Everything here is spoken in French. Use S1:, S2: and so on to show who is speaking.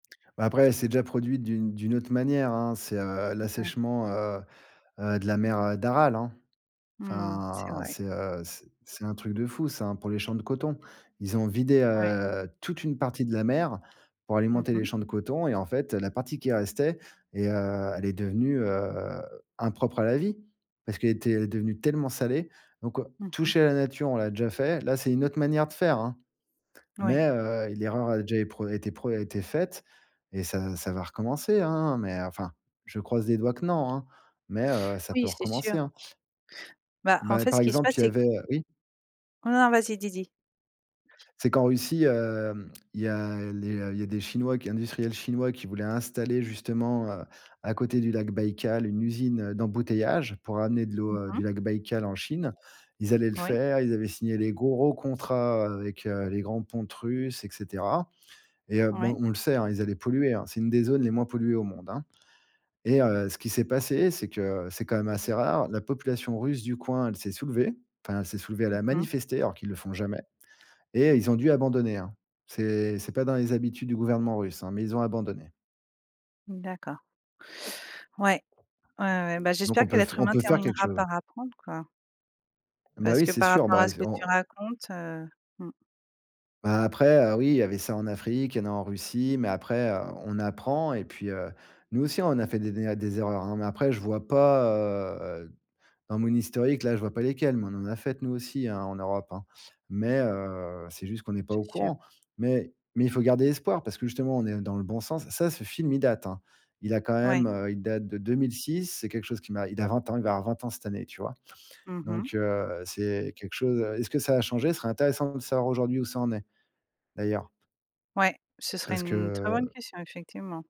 S1: Bah, après, elle s'est déjà produite d'une d'une autre manière, hein. C'est, heu,
S2: Ouais.
S1: l'assèchement, heu heu, de la mer, heu, d'Aral, hein.
S2: Mmh, c'est
S1: Enfin,
S2: vrai.
S1: c'est, heu, c'est c'est un truc de fou, ça, hein, pour les champs de coton. Ils ont vidé,
S2: Ouais.
S1: heu, toute une partie de la mer, pour
S2: Mmh
S1: alimenter les
S2: mh.
S1: champs de coton. Et, en fait, heu, la partie qui restait et, heu, elle est devenue, heu, impropre à la vie. Parce qu'elle était, elle est devenue tellement salée. Donc, heu,
S2: Mmh mh.
S1: toucher la nature, on l'a déjà fait. Là, c'est une autre manière de faire, hein,
S2: Moui.
S1: mais, heu, l'erreur a déjà é pre été pre été faite, et ça ça va recommencer, hein. Mais enfin, je croise les doigts que non, hein, mais, heu, ça peut
S2: Oui, c'est sûr.
S1: recommencer, hein.
S2: Bah, en
S1: Bah,
S2: fait,
S1: par
S2: ce qui se
S1: exemple,
S2: passe,
S1: il y
S2: c'est
S1: avait,
S2: q
S1: heu oui?
S2: Oh non, vas-y, dis dis.
S1: C'est qu'en Russie, hem, il y a les il y a des Chinois qui industriels Chinois qui voulaient installer, justement, heu, à côté du lac Baikal, une usine, heu, d'embouteillage. Pour amener de l'eau,
S2: Mmh
S1: heu,
S2: mh.
S1: du lac Baikal en Chine. Ils allaient le
S2: Oui.
S1: faire. Ils avaient signé les gros contrats avec, heu, les grands pontes Russes, et cetera. Et heu, bon,
S2: Ouais.
S1: on le sait, hein, ils allaient polluer, hein, c'est une des zones les moins polluées au monde, hein. Et heu, ce qui s'est passé, c'est que, c'est quand même assez rare, la population Russe du coin, elle s'est soulevée. Enfin, elle s'est soulevée, elle a
S2: Mmh mh.
S1: manifesté, alors qu'ils le font jamais et ils ont dû abandonner, hein. C'est c'est pas dans les habitudes du gouvernement Russe, hein, mais ils ont abandonné.
S2: D'accord. Ouais. Ouais ouais. Bah,
S1: Donc,
S2: j'espère
S1: on
S2: que
S1: peut f
S2: l'être
S1: on
S2: humain
S1: peut faire quelque
S2: terminera
S1: chose, hein.
S2: par apprendre, quoi.
S1: Bah
S2: Parce
S1: oui,
S2: que,
S1: c'est
S2: par
S1: sûr.
S2: rapport
S1: Bah
S2: à
S1: et
S2: ce
S1: c
S2: que tu
S1: on
S2: racontes, heu, mmh.
S1: Bah, après, heu, oui, il y avait ça en Afrique, il y en a en Russie, mais après, heu, on apprend. Et puis, heu, nous aussi, on a fait des né à des erreurs, hein, mais après, je vois pas, heu, dans mon historique, là, je vois pas lesquelles. Mais on en a faites, nous aussi, hein, en Europe, hein. Mais, heu, c'est juste qu'on est pas
S2: C'est
S1: au
S2: sûr.
S1: courant. Mais mais il faut garder espoir, parce que, justement, on est dans le bon sens. Ça ce film, il date, hein. Il a quand
S2: Ouais.
S1: même, heu, il date de 2006. C'est quelque chose qui m'a il a 20 ans, il va avoir 20 ans cette année, tu vois?
S2: Mmh mh.
S1: Donc, heu, c'est quelque chose, heu est-ce que ça a changé? Ce serait intéressant de savoir, aujourd'hui où ça en est, d'ailleurs.
S2: Ouais, ce serait
S1: Parce
S2: une très bonne
S1: que
S2: question, effectivement.